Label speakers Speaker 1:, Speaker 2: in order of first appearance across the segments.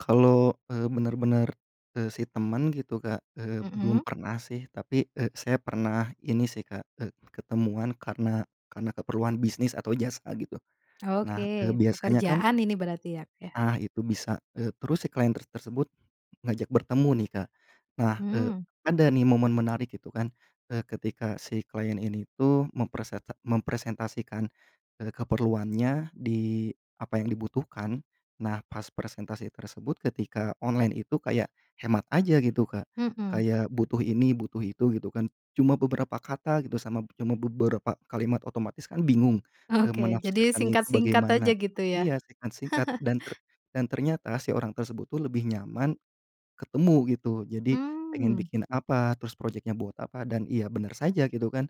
Speaker 1: Kalau, eee, bener-bener, eee, si temen gitu Kak, eee, belum
Speaker 2: Mhm.
Speaker 1: pernah sih tapi, eee, saya pernah ini sih Kak, eee, ketemuan karena karena keperluan bisnis atau jasa gitu. Nah, eee,
Speaker 2: Oke,
Speaker 1: biasanya kan
Speaker 2: pekerjaan ini berarti ya, yah?
Speaker 1: Ah itu bisa, eee, terus si klien ter tersebut ngajak bertemu nih, Kak. Nah, eee,
Speaker 2: Hmm.
Speaker 1: ada nih momen menarik gitu kan, eee, ketika si klien ini tuh mempreset mempresentasikan, eee, keperluannya di apa yang dibutuhkan. Nah, pas presentasi tersebut ketika online itu kayak hemat aja gitu Kak,
Speaker 2: Mhm.
Speaker 1: kayak butuh ini butuh itu gitu kan. Cuma beberapa kata gitu sama b cuma beberapa kalimat otomatis kan bingung, eee,
Speaker 2: Oke, jadi
Speaker 1: menafsirkannya itu
Speaker 2: singkat-singkat aja
Speaker 1: bagaimana
Speaker 2: gitu ya.
Speaker 1: iya singkat-singkat dan ter dan ternyata si orang tersebut tuh lebih nyaman ketemu, gitu. Jadi pengen
Speaker 2: Mmm.
Speaker 1: bikin apa, terus proyeknya buat apa, dan iya benar saja gitu kan,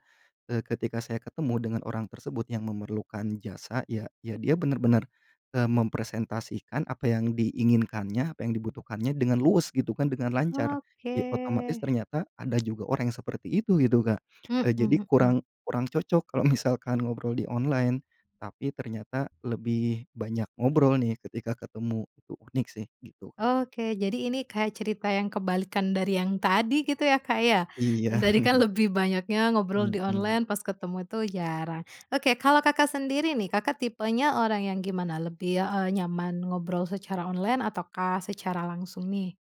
Speaker 1: eee, ketika saya ketemu dengan orang tersebut yang memerlukan jasa, ya ya dia benar-benar, eee, mempresentasikan apa yang diinginkannya, apa yang dibutuhkannya dengan luwes gitu kan, dengan lancar.
Speaker 2: Oke.
Speaker 1: Ya otomatis ternyata ada juga orang yang seperti itu gitu Kak,
Speaker 2: Mhm
Speaker 1: eee, jadi
Speaker 2: mhm.
Speaker 1: kurang kurang cocok kalau misalkan ngobrol di online, tapi ternyata lebih banyak ngobrol nih ketika ketemu, itu unik sih gitu.
Speaker 2: Oke, jadi ini kayak cerita yang kebalikan dari yang tadi gitu ya Kak ya,
Speaker 1: Iya.
Speaker 2: yang tadi kan lebih banyaknya ngobrol di
Speaker 1: Mhm.
Speaker 2: online, pas ketemu itu jarang. Oke kalau Kakak sendiri nih, Kakak tipenya orang yang gimana? Lebih, eee, nyaman ngobrol secara online ataukah secara langsung nih?